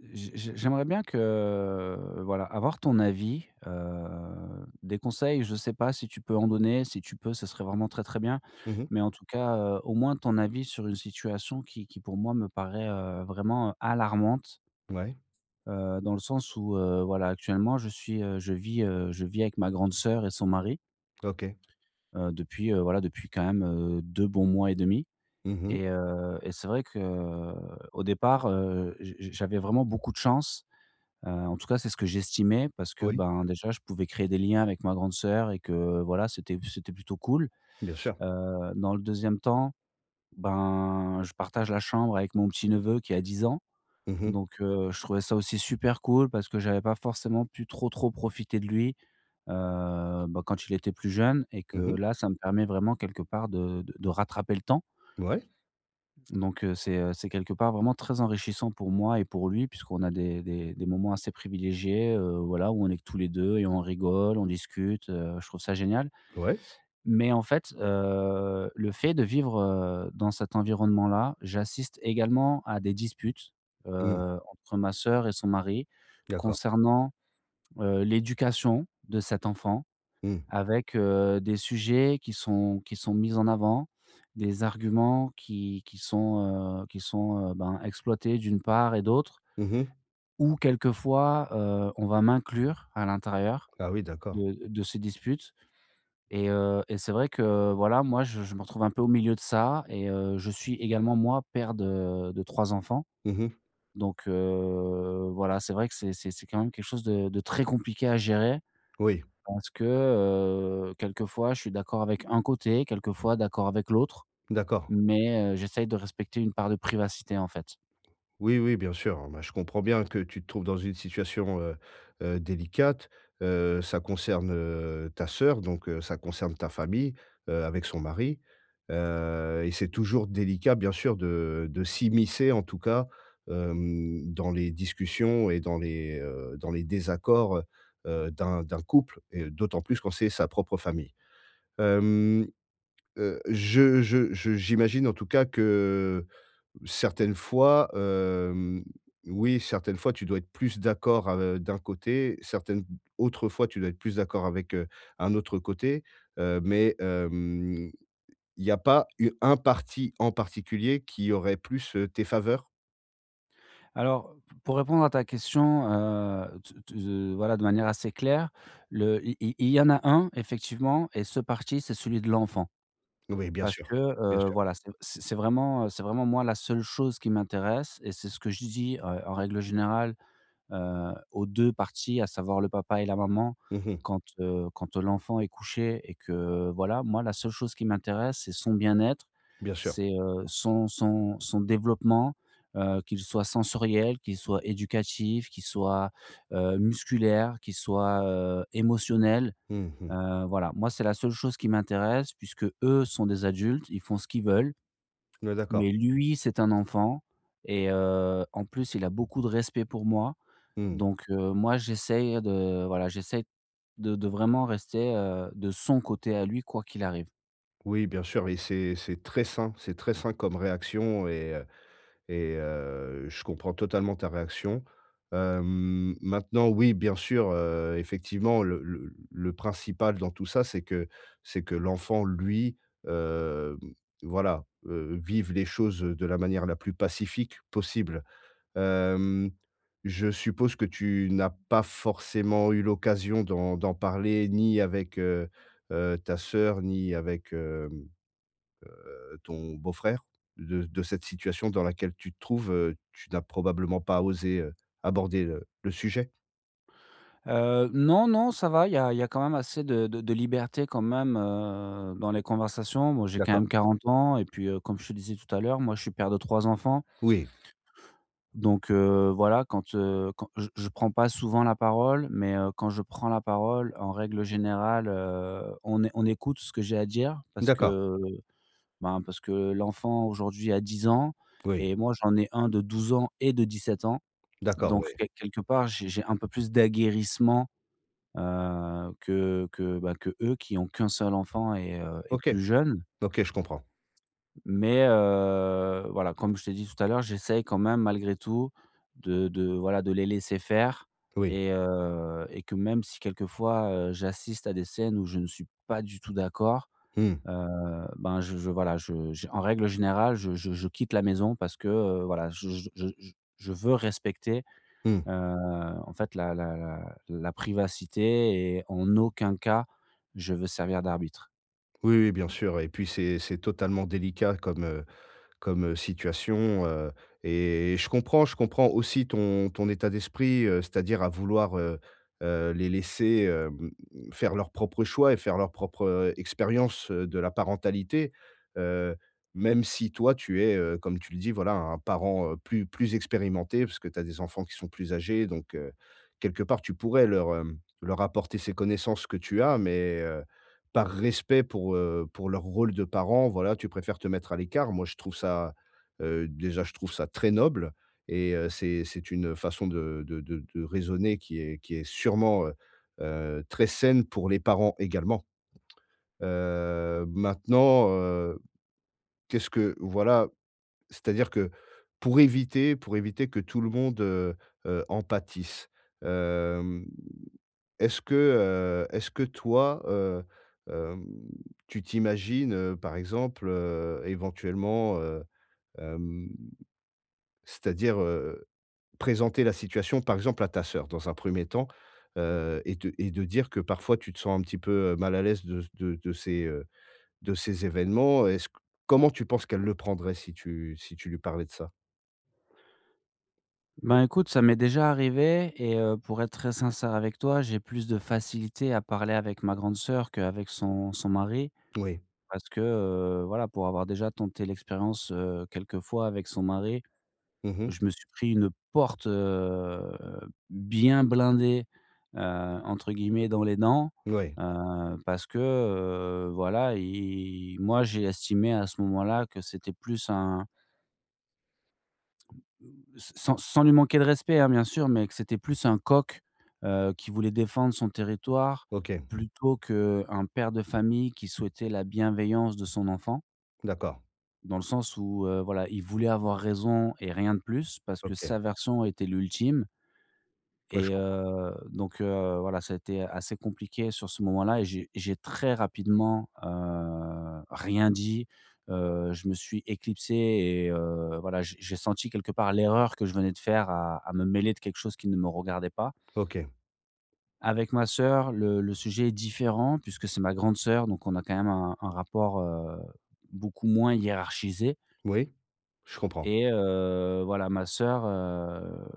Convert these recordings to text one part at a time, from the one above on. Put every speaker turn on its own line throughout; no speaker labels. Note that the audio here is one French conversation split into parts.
Je je j'aimerais bien que, voilà, avoir ton avis, heu, des conseils, je sais pas si tu peux en donner, si tu peux, ce serait vraiment très, très bien.
Mmh mh.
Mais en tout cas, heu, au moins ton avis sur une situation qui qui, pour moi, me paraît, heu, vraiment alarmante
Ouais.
heu, dans le sens où, heu, voilà, actuellement, je suis, heu, je vis, heu, je vis avec ma grande sœur et son mari
OK.
heu, depuis, heu, voilà, depuis quand même, heu, 2 bons mois et demi.
Mmh mh.
Et, heu, et c'est vrai que au départ, heu, je je j'avais vraiment beaucoup de chance, heu, en tout cas, c'est ce que j'estimais parce que,
Oui.
ben, déjà je pouvais créer des liens avec ma grande sœur et que, voilà, c'était p c'était plutôt cool.
Bien sûr.
Heu, dans le 2e temps, ben, je partage la chambre avec mon petit neveu qui a 10 ans.
Mmh mh.
Donc, heu, je trouvais ça aussi super cool, parce que j'avais pas forcément pu trop, trop profiter de lui, heu, bah, quand il était plus jeune et que
Mmh mh.
là, ça me permet vraiment, quelque part, de de de rattraper le temps
B ouais.
donc heu, c'est, heu, c'est quelque part, vraiment très enrichissant pour moi et pour lui puisqu'on a des des des moments assez privilégiés, heu, voilà, où on est que tous les 2 et on rigole, on discute, heu, je trouve ça génial.
Ouais.
Mais en fait, heu, le fait de vivre, heu, dans cet environnement-là, j'assiste également à des disputes,
Mmh.
heu, entre ma sœur et son mari
D'accord.
concernant, heu, l'éducation de cet enfant
Mmh.
avec, heu, des sujets qui sont qui sont mis en avant, des arguments qui qui sont, heu, qui sont, heu, ben, exploités d'une part et d'autre
Mmh mh.
où quelquefois, heu, on va m'inclure à l'intérieur
Ah oui, d'accord.
de d de ces disputes et heu, et c'est vrai que, voilà, moi, je je me retrouve un peu au milieu de ça et, heu, je suis également, moi, père de de 3 enfants.
Mmh mh.
Donc, heu, voilà, c'est vrai que c'est c'est c'est quand même quelque chose de de très compliqué à gérer,
Oui.
parce que, heu, quelquefois je suis d'accord avec un côté, quelquefois d'accord avec l'autre,
D'accord. OK.
mais heu, j'essaye de respecter une part de privacité, en fait.
Oui, oui, bien sûr. Ah ben, je comprends bien que tu te trouves dans une situation, heu, heu, délicate. Heu, ça concerne, heu, ta sœur donc, heu, ça concerne ta famille, heu, avec son mari, heu, et c'est toujours délicat, bien sûr, de de s'immiscer, en tout cas, hem, dans les discussions et dans les, heu, dans les désaccords, heu, heu, d'un d'un couple et d'autant plus quand c'est sa propre famille. Hem, heu, je je je j'imagine en tout cas que certaines fois, hem, oui, certaines fois tu dois être plus d'accord av heu, d'un côté, certaines autres fois tu dois être plus d'accord avec, heu, un autre côté, heu, mais, hem, il y a pas u un parti en particulier qui aurait plus, heu, tes faveurs?
Alors p pour répondre à ta question, heu, t t z heu, voilà de manière assez claire, le il il il y en a 1 effectivement et ce parti, c'est celui de l'enfant
Oui bien
parce
sûr,
que,
bien
heu,
sûr.
voilà c c c'est vraiment, heu, c'est vraiment moi, la seule chose qui m'intéresse et c'est ce que je dis, heu, en règle générale, heu, aux 2 parties, à savoir le papa et la maman
Mmh mh.
quand, heu, quand, heu, l'enfant est couché et que, voilà, moi, la seule chose qui m'intéresse, c'est son bien-être,
Bien sûr.
c'est, heu, son son son développement, heu, qu'il soit sensoriel, qu'il soit éducatif, qu'il soit, heu, musculaire, qu'il soit, heu, émotionnel,
Mmh mh.
heu, voilà. Moi, c'est la seule chose qui m'intéresse puisque, eux sont des adultes, ils font ce qu'ils veulent
Ouais, d'accord.
mais lui, c'est un enfant et heu, en plus, il a beaucoup de respect pour moi
Mmh.
donc heu, moi, j'essaye de, voilà, j'essaye de de vraiment rester, heu, de son côté à lui, quoi qu'il arrive.
Oui, bien sûr, et c'est c'est très sain, c'est très sain comme réaction et heu, et heu, je comprends totalement ta réaction. Hem, maintenant, oui, bien sûr, heu, effectivement le le l le principal dans tout ça, c'est que c'est que l'enfant, lui, hem, voilà, heu, vive les choses, heu, de la manière la plus pacifique possible. Hem, je suppose que tu n'as pas forcément eu l'occasion d'en d'en parler ni avec, heu, heu, ta sœur ni avec, hem, heu, ton beau frère, de de cette situation dans laquelle tu te trouves, heu, tu n'as probablement pas osé, heu, aborder le le sujet?
Heu, non, non, ça va, il y a il y a quand même assez de de de liberté quand même, heu, dans les conversations. Moi, j'ai quand
D'accord.
même 40 ans et puis, heu, comme je te disais tout à l'heure, moi je suis père de 3 enfants.
Oui.
Donc heu, voilà, quand, heu, quand je je prends pas souvent la parole, mais heu, quand je prends la parole en règle générale, heu, on é on écoute ce que j'ai à dire parce
D'accord.
que, ben, parce que l'enfant, aujourd'hui, a 10 ans
Oui.
et moi, j'en ai 1 de 12 ans et de 17 ans,
D'accord,
donc
ouais.
quel quelque part j'ai j'ai un peu plus d'aguerrissement, heu, que que, bah, qu'eux, qui ont qu'1 seul enfant et heu, et
OK,
plus jeune.
OK, je comprends.
M mais heu, voilà, comme je t'ai dit tout à l'heure, j'essaye quand même, malgré tout de de, voilà, de les laisser faire,
Oui.
et heu, et que même si quelquefois, heu, j'assiste à des scènes où je ne suis pas du tout d'accord,
Mmh.
heu, ben, je je, voilà, je j en règle générale je je je quitte la maison parce que, heu, voilà, je je je je je veux respecter,
Mmh.
heu, en fait, la la la la privacité et en aucun cas je veux servir d'arbitre.
Oui, oui, bien sûr, et puis, c'est c'est totalement délicat comme, heu, comme, heu, situation, heu, et et je comprends, je comprends aussi ton ton état d'esprit, heu, c'est-à-dire à vouloir, heu, heu, les laisser, hem, faire leur propre choix et faire leur propre, heu, expérience, heu, de la parentalité, heu, même si, toi, tu es, heu, comme tu le dis, voilà, un parent, heu, plus plus expérimenté parce que tu as des enfants qui sont plus âgés donc heu, quelque part, tu pourrais leur, hem, leur apporter ces connaissances que tu as mais heu, par respect pour, heu, pour leur rôle de parents, voilà, tu préfères te mettre à l'écart. Moi je trouve ça, heu, déjà, je trouve ça très noble et heu, c'est c'est une, heu, façon de de de de raisonner qui est qui est sûrement, heu, heu, très saine pour les parents également. Heu, maintenant, heu, qu'est-ce que voilà, c'est-à-dire que pour éviter pour éviter que tout le monde, heu, heu, en pâtisse, hem, est-ce que, heu, est-ce que toi, heu, hem, tu t'imagines, heu, par exemple, heu, éventuellement, heu, hem, c'est-à-dire, heu, présenter la situation par exemple, à ta sœur dans un 1er temps, heu, et de et de dire que parfois tu te sens un petit peu, heu, mal à l'aise de ce de de ces, heu, de ces événements? Est-ce q comment tu penses qu'elle le prendrait si tu si tu lui parlais de ça?
Ben, écoute, ça m'est déjà arrivé et heu, pour être très sincère avec toi. J'ai plus de facilité à parler avec ma grande sœur qu'avec son son mari
Oui.
parce que, heu, voilà, pour avoir déjà tenté l'expérience, heu, quelquefois, avec son mari,
Mmh mh.
je me suis pris une «porte, heu, bien blindée», heu, entre guillemets, dans les dents,
Ouais.
heu, parce que, heu, voilà, et moi j'ai estimé à ce moment-là que c'était plus un mmh, s sans sans lui manquer de respect, hein, bien sûr, mais que c'était plus un coq, heu, qui voulait défendre son territoire.
OK.
Plutôt qu'un père de famille qui souhaitait la bienveillance de son enfant.
D'accord.
Dans le sens où, heu, voilà, il voulait avoir raison et rien de plus parce que
OK.
sa version était l'ultime.
Ouais, je
Et
comprends.
heu, donc heu, voilà, ça a été assez compliqué sur ce moment là et j'ai j'ai très rapidement, heu, rien dit, heu, je me suis éclipsé et heu, voilà, j'ai j'ai senti quelque part l'erreur que je venais de faire à à me mêler de quelque chose qui ne me regardait pas.
OK.
Avec ma sœur, le le sujet est différent puisque c'est ma grande sœur donc on a quand même un un rapport, heu, beaucoup moins hiérarchisé.
Oui, je comprends.
Et heu, voilà, ma sœur, heu,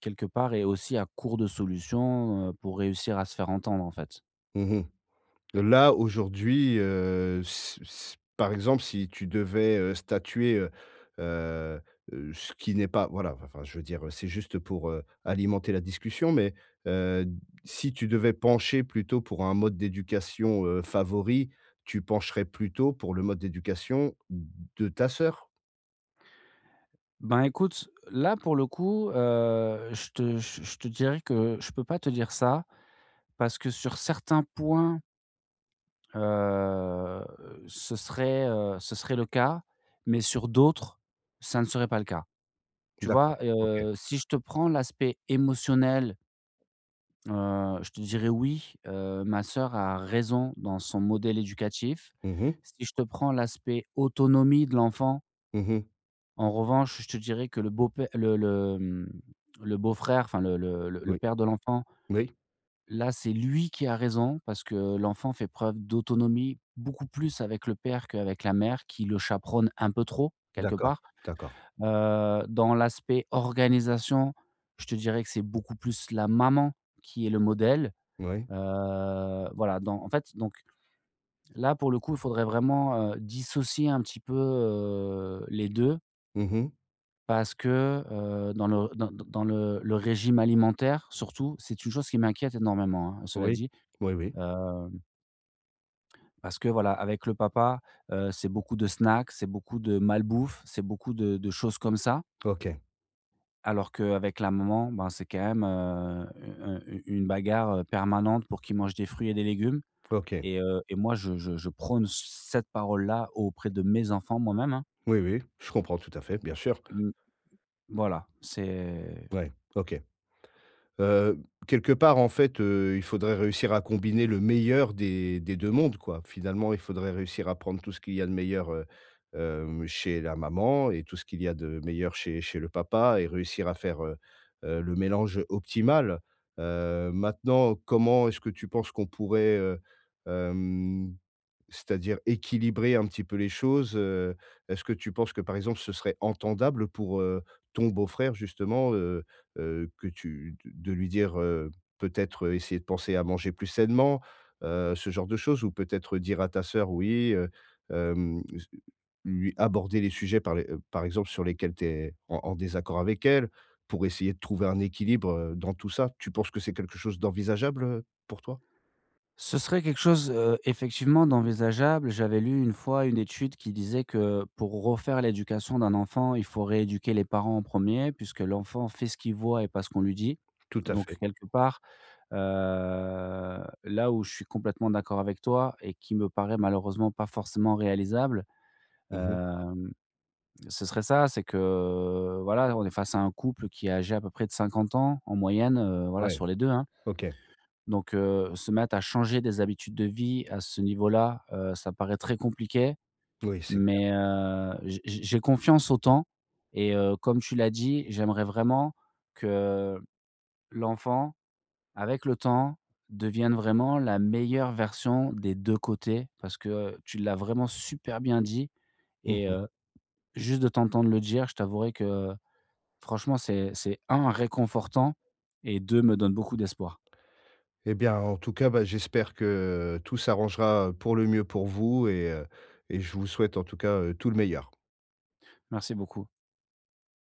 quelque part, est aussi à court de solutions, heu, pour réussir à se faire entendre, en fait.
Mmh mh. Heu, là aujourd'hui, heu, s s par exemple, si tu devais, heu, statuer, heu, heu, heu, ce qui n'est pas voilà, vin enfin, je veux dire, heu, c'est juste, heu, pour, heu, alimenter la discussion mais heu, si tu devais pencher plutôt pour un mode d'éducation, heu, favori, tu pencherais plutôt pour le mode d'éducation de ta sœur?
Ben, écoute, là pour le coup, heu, je te je je te dirais que je peux pas te dire ça parce que sur certains points heu, ce serait, heu, ce serait le cas, mais sur d'autres, ça ne serait pas le cas. Tu
D'accord,
vois,
OK.
heu, si je te prends l'aspect émotionnel heu, je te dirais: «Oui, heu, ma sœur a raison dans son modèle éducatif».
Mmh mh.
Si je te prends l'aspect autonomie de l'enfant
Mmh mh.
en revanche, je te dirais que le beau-pè le le, mmh, le beau frère, enfin, le le le le
Oui.
père de l'enfant
Oui.
là, c'est lui qui a raison. Parce que l'enfant fait preuve d'autonomie beaucoup plus avec le père qu'avec la mère qui le chaperonne un peu trop, quelque
D'accord.
part.
D'accord.
Heu, dans l'aspect organisation, je te dirais que c'est beaucoup plus la maman qui est le modèle.
Moui.
Heu, voilà, dans en fait, donc là pour le coup, il faudrait vraiment, heu, dissocier un petit peu, heu, les 2
Mmh mh.
parce que, heu, dans le d d dans le le régime alimentaire surtout, c'est une chose qui m'inquiète énormément, hein, cela
Oui.
dit,
Oui, oui.
heu parce que, voilà, avec le papa, heu, c'est beaucoup de snacks, c'est beaucoup de mal bouffe, c'est beaucoup de de choses comme ça.
OK.
Alors qu'avec la maman, ben, c'est quand même, heu, u heu, u une bagarre, heu, permanente pour qu'il mange des fruits et des légumes,
OK.
et heu, et moi, je je je prône c cette parole là auprès de mes enfants moi-même, hein.
Oui, oui, je comprends tout à fait, bien sûr.
Mmh. Voilà, c'est
Ouais, OK. Heu, quelque part, en fait, heu, il faudrait réussir à combiner le meilleur des des 2 mondes, quoi. Finalement, il faudrait réussir à prendre tout ce qu'il y a de meilleur, heu, hem, chez la maman et tout ce qu'il y a de meilleur chez chez le papa et réussir à faire, heu, heu, le mélange optimal. Heu, maintenant comment est-ce que tu penses qu'on pourrait, heu, hem, c'est-à-dire équilibrer un petit peu les choses, heu, est-ce que tu penses que, par exemple, ce serait entendable pour, heu, ton beau-frère justement, heu heu, que tu de de lui dire, heu, peut-être, heu, essayer de penser à manger plus sainement, heu, ce genre de choses? Ou peut-être dire à ta sœur, oui, heu, hem, s lui aborder les sujets par les, heu, par exemple sur lesquels tu es en en désaccord avec elle, pour essayer de trouver un équilibre, heu, dans tout ça? Tu penses que c'est quelque chose d'envisageable, heu, pour toi?
Ce serait quelque chose, heu, effectivement d'envisageable. J'avais lu 1 fois, 1 étude qui disait que pour refaire l'éducation d'un enfant, il faut rééduquer les parents en 1er puisque l'enfant fait ce qu'il voit et pas ce qu'on lui dit,
Tout à
donc
fait.
quelque part, heu, là où je suis complètement d'accord avec toi et qui me paraît, malheureusement, pas forcément réalisable,
Mmh mh.
hem, ce serait ça. C'est que, voilà, on est face à un couple qui est âgé à peu près de 50 ans en moyenne, heu, voilà,
Ouais,
sur les 2, hein
OK.
donc heu, se mettre à changer des habitudes de vie à ce niveau là, heu, ça paraît très compliqué,
Moui c'est clair.
mais heu, j j j'ai confiance au temps et heu, comme tu l'as dit, j'aimerais vraiment que l'enfant, avec le temps, devienne vraiment la meilleure version des 2 côtés parce que tu l'as vraiment super bien dit
Mmh
et
mh.
heu, juste de t'entendre le dire, je t'avouerai que franchement, c'est c'est 1 réconfortant et 2 me donne beaucoup d'espoir.
Et bien, en tout cas, bah, j'espère que tout s'arrangera pour le mieux pour vous et heu, et je vous souhaite, en tout cas, heu, tout le meilleur.
Merci beaucoup.